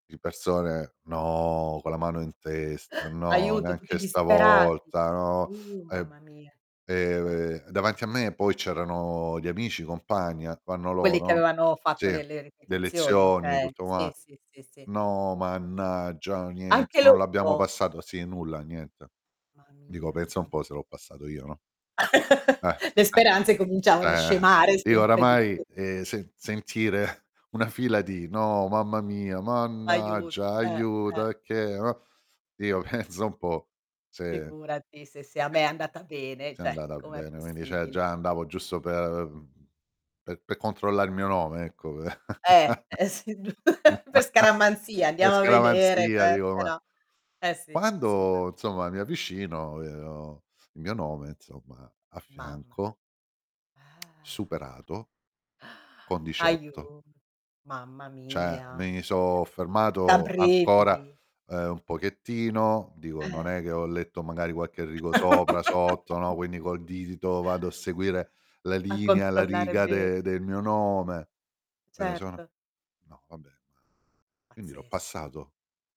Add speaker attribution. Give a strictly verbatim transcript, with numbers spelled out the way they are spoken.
Speaker 1: Di persone: "No," con la mano in testa: "No,
Speaker 2: Aiuto, tutti
Speaker 1: neanche
Speaker 2: disperati.
Speaker 1: stavolta, no."
Speaker 2: Uh,
Speaker 1: E,
Speaker 2: mamma mia. Eh
Speaker 1: ehm, davanti a me poi c'erano gli amici, i compagni, ac vanno
Speaker 2: Quelli che
Speaker 1: loro
Speaker 2: avevano
Speaker 1: sì,
Speaker 2: fatto le le
Speaker 1: le
Speaker 2: ripetizioni,
Speaker 1: lezioni,
Speaker 2: okay.
Speaker 1: tutto
Speaker 2: Sì,
Speaker 1: qua
Speaker 2: sì, sì, sì.
Speaker 1: "No mannaggia, niente,
Speaker 2: Anche
Speaker 1: non l'abbiamo
Speaker 2: loro?
Speaker 1: passato" sì, nulla niente.
Speaker 2: Ma
Speaker 1: Dico:
Speaker 2: mia
Speaker 1: "Pensa un
Speaker 2: sa
Speaker 1: po' se l'ho passato io," no? Eh,
Speaker 2: Le
Speaker 1: eh,
Speaker 2: speranze cominciavano a
Speaker 1: cioè,
Speaker 2: scemare
Speaker 1: io
Speaker 2: sempre di più.
Speaker 1: oramai, e se sentire una fila di: "No mamma mia,
Speaker 2: Aiuto,
Speaker 1: mannaggia,
Speaker 2: eh, eh.
Speaker 1: aiuto, e che, uhm" io: "Pensa un po' se
Speaker 2: Figurati se sia a me è andata bene,
Speaker 1: se è
Speaker 2: ceh,
Speaker 1: andata
Speaker 2: com'è
Speaker 1: bene." Quindi ceh,
Speaker 2: possibile?
Speaker 1: già andavo giusto per per per controllare il mio nome, ecco
Speaker 2: Eh, e sì, giu per scaramanzia,
Speaker 1: per
Speaker 2: andiamo a vedere che
Speaker 1: scaramanzia dico,
Speaker 2: se
Speaker 1: ma
Speaker 2: no eh sì, assolutamen
Speaker 1: quando insomma mi avvicino, vedo il mio nome insomma a
Speaker 2: Mamma.
Speaker 1: fianco
Speaker 2: Ah,
Speaker 1: superato con diciotto.
Speaker 2: aiut mamma
Speaker 1: ceh,
Speaker 2: mia.
Speaker 1: mi sò
Speaker 2: ceh, da
Speaker 1: fermato ancora,
Speaker 2: brividi.
Speaker 1: ehm, un pochettino, dico: "Non
Speaker 2: Eh
Speaker 1: è che ho letto, magari, qualche rigo sopra, sotto, no." Quindi col dito vado a seguire la
Speaker 2: A
Speaker 1: linea, la
Speaker 2: controllare
Speaker 1: riga
Speaker 2: bene.
Speaker 1: de del mio nome, vedo solo:
Speaker 2: Certo.
Speaker 1: "No vabbè, ma quindi l'ho
Speaker 2: Pazzesco.
Speaker 1: passato?"